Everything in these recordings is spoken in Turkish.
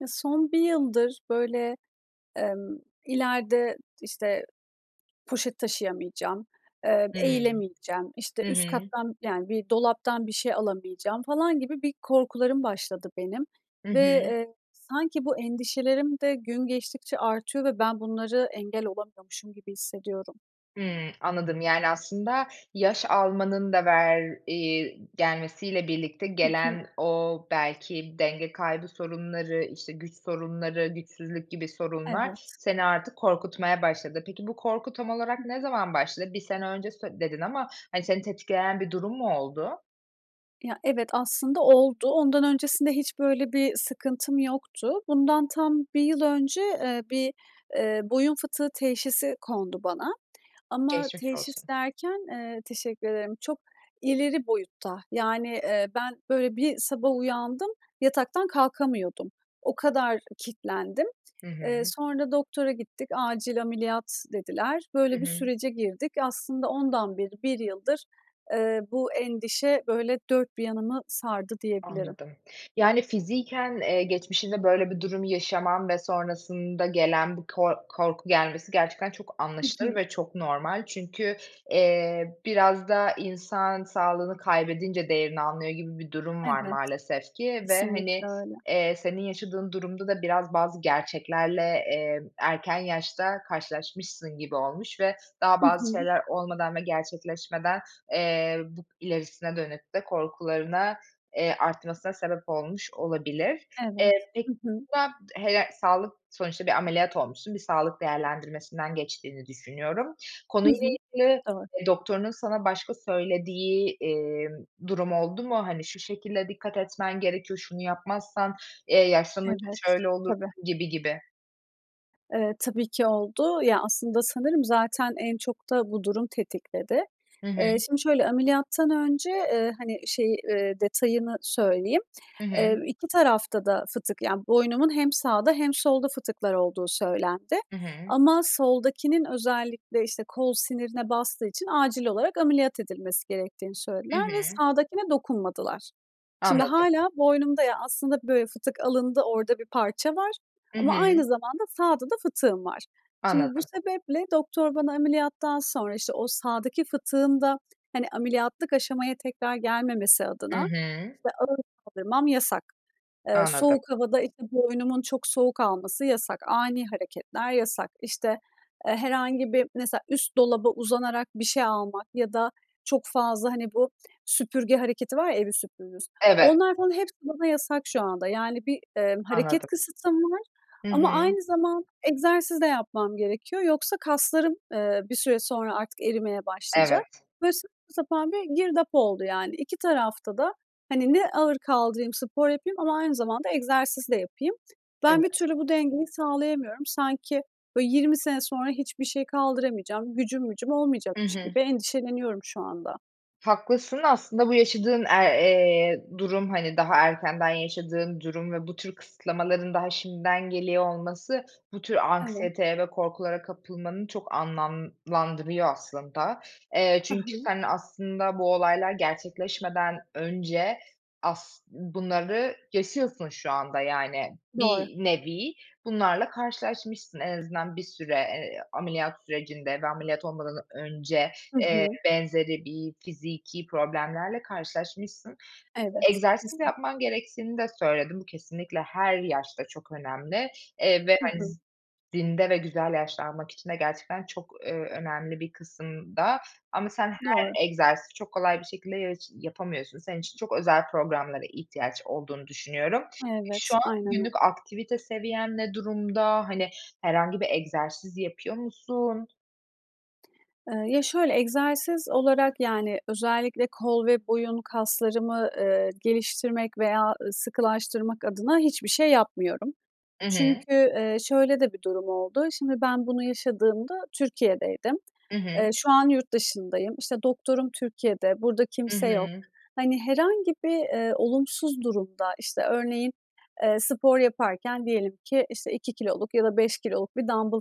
Ya, son 1 yıldır, böyle, emm, ileride, işte, poşet taşıyamayacağım, eee, Hı. eğilemeyeceğim, işte, Hı üst hı. kattan, yani, bir dolaptan bir şey alamayacağım falan gibi bir korkularım başladı benim Hı ve, hı. eee, sanki bu endişelerim de gün geçtikçe artıyor ve ben bunları engel olamıyormuşum gibi hissediyorum. Hı, anladım. Yani, aslında yaş almanın da ver eee, gelmesiyle birlikte Hı hı. gelen, o belki denge kaybı sorunları, işte, güç sorunları, güçsüzlük gibi sorunlar Evet. seni artık korkutmaya başladı. Peki, bu korku tam Hı olarak ne hı. zaman başladı? 1 sene önce sö dedin ama seni tetikleyen bir durum mu oldu? Ya, evet aslında oldu. Ondan öncesinde hiç böyle bir sıkıntım yoktu. Bundan tam 1 yıl önce, eee, bir, eee, boyun fıtığı teşhisi kondu bana ama Geçmiş teşhis olsun. derken, eee, teşekkür ederim, çok ileri boyutta. Yani, eee, ben, böyle, bir sabah uyandım, yataktan kalkamıyordum, o kadar kilitlendim. Hı Eee, hı. sonra doktora gittik, acil ameliyat dediler. Hı Böyle bir hı. sürece girdik. Aslında ondan beri, 1 yıldır, eee, bu endişe, böyle, dört bir yanımı sardı diyebilirim. Anladım. Yani, fiziken, eee, geçmişinde böyle bir durum yaşaman ve sonrasında gelen bu ko korku gelmesi gerçekten çok Hı anlaşılır hı. ve çok normal. Çünkü, eee, biraz da insan, sağlığını kaybedince değerini anlıyor gibi bir durum var Evet. maalesef ki ve, Kesinlikle hani, öyle. eee, senin yaşadığın durumda da biraz bazı gerçeklerle, eee, erken yaşta karşılaşmışsın gibi olmuş ve daha Hı bazı hı. şeyler olmadan ve gerçekleşmeden, eee, bu ilerisine dönük de korkularına, eee, artmasına sebep olmuş olabilir. Evet. Eee, peki Hı hı. [unintelligible] sağlık, sonuçta bir ameliyat olmuşsun, bir sağlık değerlendirmesinden geçtiğini düşünüyorum. Hı Konuyla hı. ilgili Doğru. doktorunun sana başka söylediği, eee, durum oldu mu? Hani, şu şekilde dikkat etmen gerekiyor, şunu yapmazsan, eee, yaşlanınca Evet. şöyle Tabii. olursun gibi, gibi. Eee, tabi ki oldu. Ya, aslında, sanırım, zaten en çok da bu durum tetikledi. Hı hı. Eee, şimdi, şöyle ameliyattan önce, eee, hani, şeyi, eee, detayını söyleyeyim, Hı hı. eee, 2 tarafta da fıtık yani boynumun hem sağda hem solda fıtıklar olduğu söylendi Hı hı. ama soldakinin özellikle, işte, kol sinirine bastığı için acil olarak ameliyat edilmesi gerektiğini Hı söylediler ve hı. sağdakine dokunmadılar. Şimdi, Anladım. hâlâ boynumda, ya, aslında, böyle, fıtık alındı, orada bir parça var Hı ama hı. aynı zamanda sağda da fıtığım var. Şimdi, bu Anladım. sebeple doktor bana ameliyattan sonra, işte, o sağdaki fıtığın da, hani, ameliyatlık aşamaya tekrar gelmemesi Hı adına, hı. işte, ağır kaldırmam yasak. Eee, Anladım. soğuk havada, işte, boynumun çok soğuk alması yasak. Ani hareketler yasak. İşte, eee, herhangi bir mesela, üst dolaba uzanarak bir şey almak ya da çok fazla, hani, bu süpürge hareketi var ya evi süpürürüz. Evet. Onlar falan hepsi bana yasak şu anda. Yani, bir, eee, hareket Anladım. kısıtlama var Hı hı. ama aynı zamanda egzersiz de yapmam gerekiyor. Yoksa kaslarım, eee, bir süre sonra artık erimeye başlayacak. Evet. Böyle saçma sapan bir girdap oldu, yani. 2 tarafta da, hani, ne ağır kaldırayım, spor yapayım ama aynı zamanda egzersiz de yapayım. Ben bir Evet. türlü bu dengeyi sağlayamıyorum. Sanki, böyle, 20 sene sonra hiçbir şey kaldıramayacağım, gücüm mücüm Hı olmayacakmış hı. gibi endişeleniyorum şu anda. Haklısın, aslında bu yaşadığın, aaa, eee, durum, hani, daha erkenden yaşadığın durum ve bu tür kısıtlamaların daha şimdiden geliyor olması, bu tür Evet. anksiyeteye ve korkulara kapılmanı çok anlamlandırıyor aslında. Eee, Hı çünkü hı. sen, aslında, bu olaylar gerçekleşmeden önce as bunları yaşıyorsun şu anda, yani, Doğru. bir nevi bunlarla karşılaşmışsın. En azından bir süre, eee, ameliyat sürecinde ve ameliyat olmadan önce, Hı eee, hı. benzeri bir fiziki problemlerle karşılaşmışsın. Evet. Egzersiz Kesin. yapman gerektiğini de söyledin. Bu kesinlikle her yaşta çok önemli, eee, ve, Hı hani, hı. z zinde ve güzel yaşlanmak için de gerçekten çok, eee, önemli bir kısımda ama sen Doğru. her egzersizi, çok kolay bir şekilde yaş yapamıyorsun. Senin için çok özel programlara ihtiyaç olduğunu düşünüyorum. Evet. Şu an Aynen günlük öyle. aktivite seviyen ne durumda? Hani, herhangi bir egzersiz yapıyor musun? Eee, ya, şöyle egzersiz olarak, yani, özellikle kol ve boyun kaslarımı, eee, geliştirmek veya sıkılaştırmak adına hiçbir şey yapmıyorum. Hı hı. Çünkü, eee, şöyle de bir durum oldu. Şimdi ben bunu yaşadığımda Türkiye'deydim. Hı hı. Eee, şu an yurt dışındayım. İşte, doktorum Türkiye'de, burada Hı kimse yok. hı. Hani, herhangi bir, eee, olumsuz durumda, işte, örneğin, eee, spor yaparken diyelim ki, işte, 2 kiloluk ya da 5 kiloluk bir dambıl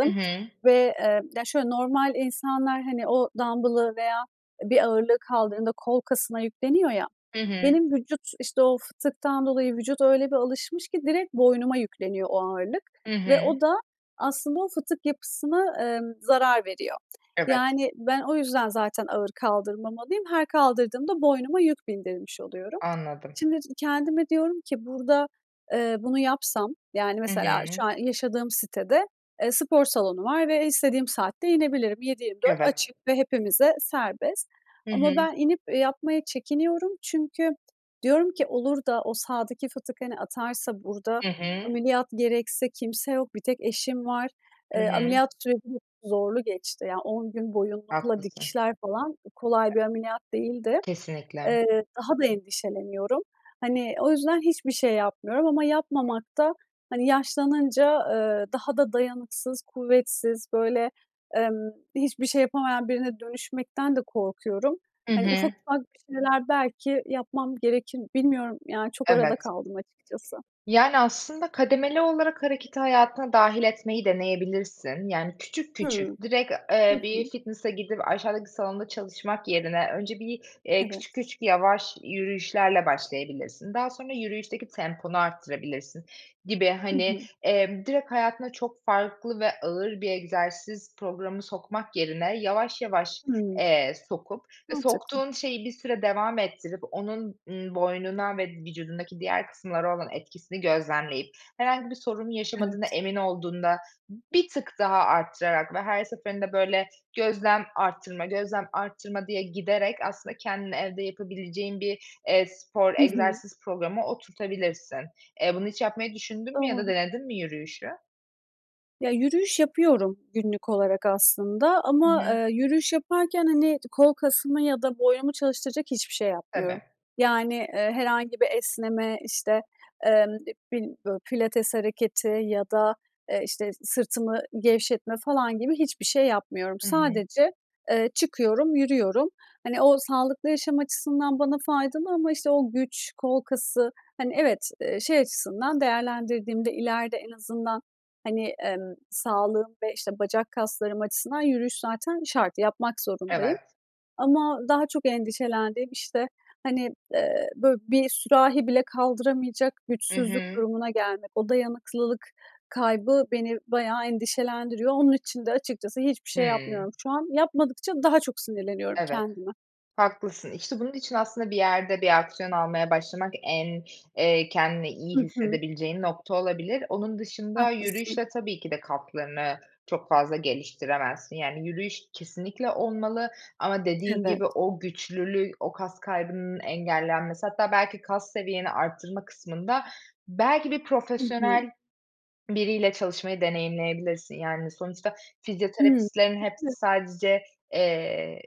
Hı hı. ve, eee, ya, şöyle normal insanlar, hani, o dambılı veya bir ağırlığı kaldırdığında kol kasına yükleniyor ya, Hı hı. benim vücut, işte, o fıtıktan dolayı vücut öyle bir alışmış ki direkt boynuma yükleniyor o ağırlık Hı ve hı. o da, aslında o fıtık yapısına, eee, zarar veriyor. Evet. Yani ben o yüzden zaten ağır kaldırmamalıyım. Her kaldırdığımda boynuma yük bindirmiş oluyorum. Anladım. Şimdi, kendime diyorum ki burada, eee, bunu yapsam, yani, Hı mesela şu hı. an yaşadığım sitede, eee, spor salonu var ve istediğim saatte inebilirim. 7-24 Evet. açık ve hepimize serbest. Hı Ama hı. ben inip yapmaya çekiniyorum çünkü diyorum ki, olur da o sağdaki fıtık, hani, atarsa burada Hı hı. ameliyat gerekse kimse yok, bir tek eşim var. Hı Eee, hı. ameliyat süreci çok zorlu geçti. Yani, 10 gün boyunlukla, Haklısın. dikişler falan kolay bir ameliyat değildi. Kesinlikle. Eee, daha da endişeleniyorum. Hani, o yüzden hiçbir şey yapmıyorum ama yapmamakta hani yaşlanınca, eee, daha da dayanıksız, kuvvetsiz, böyle, emm, hiçbir şey yapamayan birine dönüşmekten de korkuyorum. Hı Hani, ufak, hı. ufak bir şeyler belki yapmam gerekir, bilmiyorum, yani, çok arada Evet. kaldım açıkçası. Yani, aslında kademeli olarak hareketi hayatına dâhil etmeyi deneyebilirsin. Yani, küçük, Hı. küçük, direkt, eee, Hı bir hı. fitness'a gidip, aşağıdaki salonda çalışmak yerine önce bir, eee, Evet. küçük, küçük, yavaş yürüyüşlerle başlayabilirsin. Daha sonra yürüyüşteki temponu arttırabilirsin gibi. Hı Hani, hı. eee, direkt hayatına çok farklı ve ağır bir egzersiz programı sokmak yerine yavaş, yavaş, Hı. eee, sokup, e, Mantıklı. soktuğun şeyi bir süre devam ettirip, onun, eee, boynuna ve vücudundaki diğer kısımlara olan etkisini gözlemleyip, herhangi bir sorun yaşamadığına Evet. emin olduğunda bir tık daha arttırarak ve her seferinde, böyle, gözlem arttırma, gözlem arttırma diye giderek aslında kendini evde yapabileceğin bir, eee, spor, Hı hı. egzersiz programı oturtabilirsin. Eee, bunu hiç yapmayı düşündün mü ya da Doğru. denedin mi yürüyüşü? Ya, yürüyüş yapıyorum günlük olarak aslında Hı ama, hı. eee, yürüyüş yaparken, hani, kol kasımı ya da boynumu çalıştıracak hiçbir şey yapmıyorum. Tabii. Yani, eee, herhangi bir esneme, işte, emm [unintelligible] pilates hareketi ya da, eee, işte, sırtımı gevşetme falan gibi hiçbir şey yapmıyorum. Hı hı. Sadece, eee, çıkıyorum, yürüyorum. Hani, o sağlıklı yaşam açısından bana faydalı ama işte o güç, kol kası, hani, evet, eee, şey açısından değerlendirdiğimde, ileride en azından hani, emm, sağlığım ve, işte, bacak kaslarım açısından yürüyüş zaten şart, yapmak zorundayım. Evet. Ama daha çok endişelendiğim, işte, hani, eee, böyle, bir sürahi bile kaldıramayacak Hı güçsüzlük hı. durumuna gelmek, o dayanıklılık kaybı beni bayağı endişelendiriyor. Onun için de açıkçası hiçbir şey Hı. yapmıyorum şu an. Yapmadıkça daha çok sinirleniyorum Evet, kendime. haklısın. İşte, bunun için aslında bir yerde, bir aksiyon almaya başlamak en, eee, kendini iyi Hı hı. hissedebileceğin nokta olabilir. Onun dışında Haklısın. yürüyüşle tabii ki de kaslarını çok fazla geliştiremezsin. Yani, yürüyüş kesinlikle olmalı ama dediğin Evet. gibi o güçlülü, o kas kaybının engellenmesi, hatta belki kas seviyeni arttırma kısmında belki bir Hı hı. profesyonel biriyle çalışmayı deneyimleyebilirsin. Yani, sonuçta Hı, fizyoterapistlerin hepsi tabii. sadece, eee,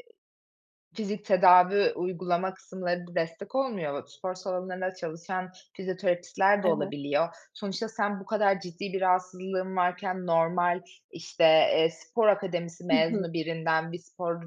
fizik tedavi uygulama kısımlarında destek olmuyor, spor salonlarında çalışan fizyoterapistler de Evet. olabiliyor. Sonuçta sen bu kadar ciddi bir rahatsızlığın varken normal, işte, eee, spor akademisi Hı hı. mezunu birinden bir spor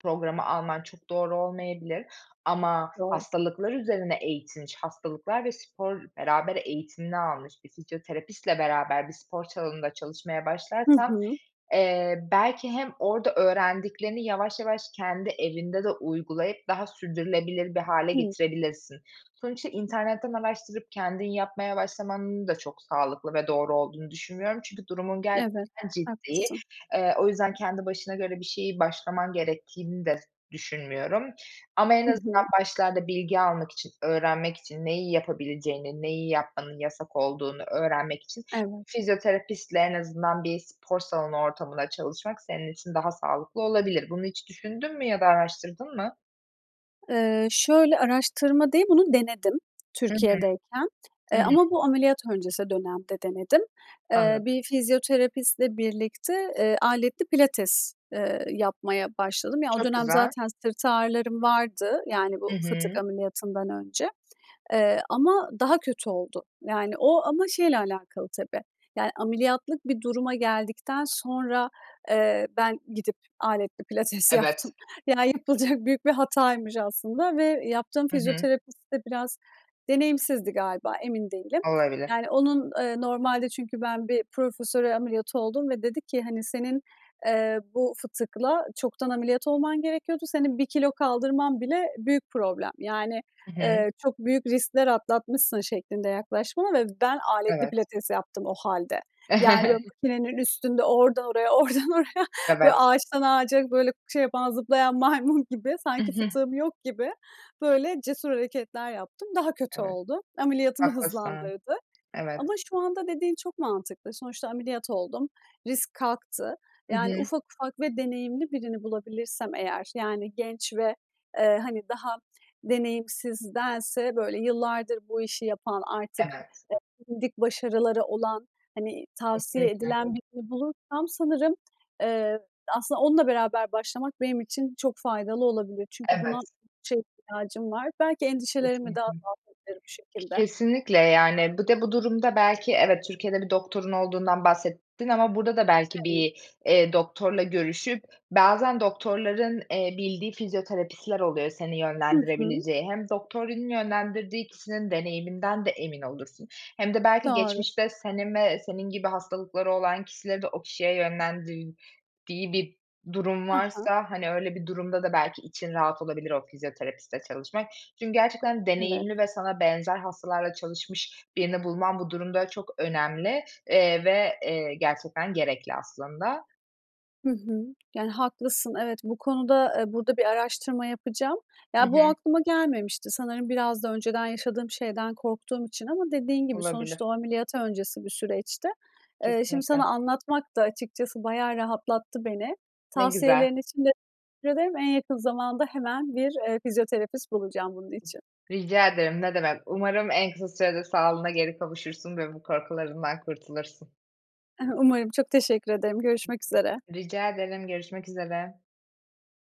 programı alman çok doğru olmayabilir ama Doğru. hastalıklar üzerine eğitilmiş, hastalıklar ve spor beraber eğitimini almış bir fizyoterapistle beraber bir spor salonunda çalışmaya Hı başlarsan, hı. eee, belki hem orada öğrendiklerini yavaş yavaş kendi evinde de uygulayıp daha sürdürülebilir bir hâle Hı. getirebilirsin. Sonuçta internetten araştırıp kendin yapmaya başlamanın da çok sağlıklı ve doğru olduğunu düşünmüyorum çünkü durumun Evet. gerçekten ciddi. Haklısın. Eee, o yüzden kendi başına göre bir şeyi başlaman gerektiğini de düşünmüyorum. Ama en Hı azından hı. başlarda bilgi almak için, öğrenmek için neyi yapabileceğini, neyi yapmanın yasak olduğunu öğrenmek için Evet. fizyoterapistle, en azından bir spor salonu ortamında çalışmak senin için daha sağlıklı olabilir. Bunu hiç düşündün mü ya da araştırdın mı? Eee, şöyle, araştırma değil, bunu denedim Hı hı. Türkiye'deyken. Hı Eee, hı. ama bu ameliyat öncesi dönemde denedim. Eee, Anladım. bir fizyoterapistle birlikte, eee, aletli pilates, eee, yapmaya başladım. Ya, o Çok dönem güzel. zaten sırt ağrılarım vardı, yani Hı bu fıtık hı. ameliyatından önce, eee, ama daha kötü oldu. Yani, o ama şeyle alakalı tabii, yani, ameliyatlık bir duruma geldikten sonra, eee, ben gidip aletli pilates Evet. yaptım. Yani, yapılacak büyük bir hataymış aslında ve yaptığım Hı hı. fizyoterapist de biraz deneyimsizdi galiba, emin değilim. Olabilir. Yani onun, eee, normalde çünkü ben bir profesöre ameliyatı oldum ve dedi ki, hani, "Senin, eee, bu fıtıkla çoktan ameliyat olman gerekiyordu, senin 1 kilo kaldırman bile büyük problem. Yani, Hı hı. eee, çok büyük riskler atlatmışsın." şeklinde yaklaştı bana ve ben aletli Evet. pilates yaptım o halde. Yani, böyle, makinenin üstünde, ordan oraya, ordan oraya böyle, Evet. ağaçtan ağaca, böyle, şey yapan, zıplayan maymun gibi, sanki fıtığım yok gibi, böyle, cesur hareketler yaptım. Daha kötü Evet. oldu. Ameliyatımı Haklısın. hızlandırdı. Evet. Ama şu anda dediğin çok mantıklı. Sonuçta ameliyat oldum, risk kalktı. Hı Yani, hı. ufak ufak ve deneyimli birini bulabilirsem eğer yani, genç ve, eee, hani, daha deneyimsizdense, böyle, yıllardır bu işi yapan, artık Evet. bilindik başarıları olan, hani, tavsiye Kesinlikle. edilen birini bulursam sanırım, eee, aslında, onunla beraber başlamak benim için çok faydalı olabilir. Çünkü buna Evet. çok ihtiyacım var. Belki endişelerimi de Kesinlikle. azaltabilirim bu şekilde. Kesinlikle. Yani, bir de bu durumda belki evet, Türkiye'de bir doktorun olduğundan bahsettin ama burada da belki Evet. bir, eee, doktorla görüşüp, bazen doktorların, eee, bildiği fizyoterapistler oluyor seni Hı hı. yönlendirebileceği. Hem doktorun yönlendirdiği kişinin deneyiminden de emin olursun hem de belki Doğru. geçmişte senin ve senin gibi hastalıkları olan kişileri de o kişiye yönlendirdiği bir durum He he. varsa, hani, öyle bir durumda da belki için rahat olabilir o fizyoterapistle çalışmak. Çünkü gerçekten Evet. deneyimli ve sana benzer hastalarla çalışmış birini bulman bu durumda çok önemli, eee, ve, eee, gerçekten gerekli aslında. Hı hı. Yani, haklısın evet, bu konuda, eee, burada bir araştırma yapacağım. Hı Ya, bu hı. aklıma gelmemişti, sanırım biraz da önceden yaşadığım şeyden korktuğum için ama dediğin gibi, sonuçta Olabilir. o ameliyat öncesi bir süreçti. Eee, şimdi Kesinlikle. sana anlatmak da açıkçası bayağı rahatlattı beni. Ne güzel. Tavsiyelerin için de teşekkür ederim. En yakın zamanda hemen bir, eee, fizyoterapist bulacağım bunun için. Rica ederim, ne demek. Umarım en kısa sürede sağlığına geri kavuşursun ve bu korkularından kurtulursun. I hı, umarım çok teşekkür ederim, görüşmek üzere. Rica ederim. Görüşmek üzere.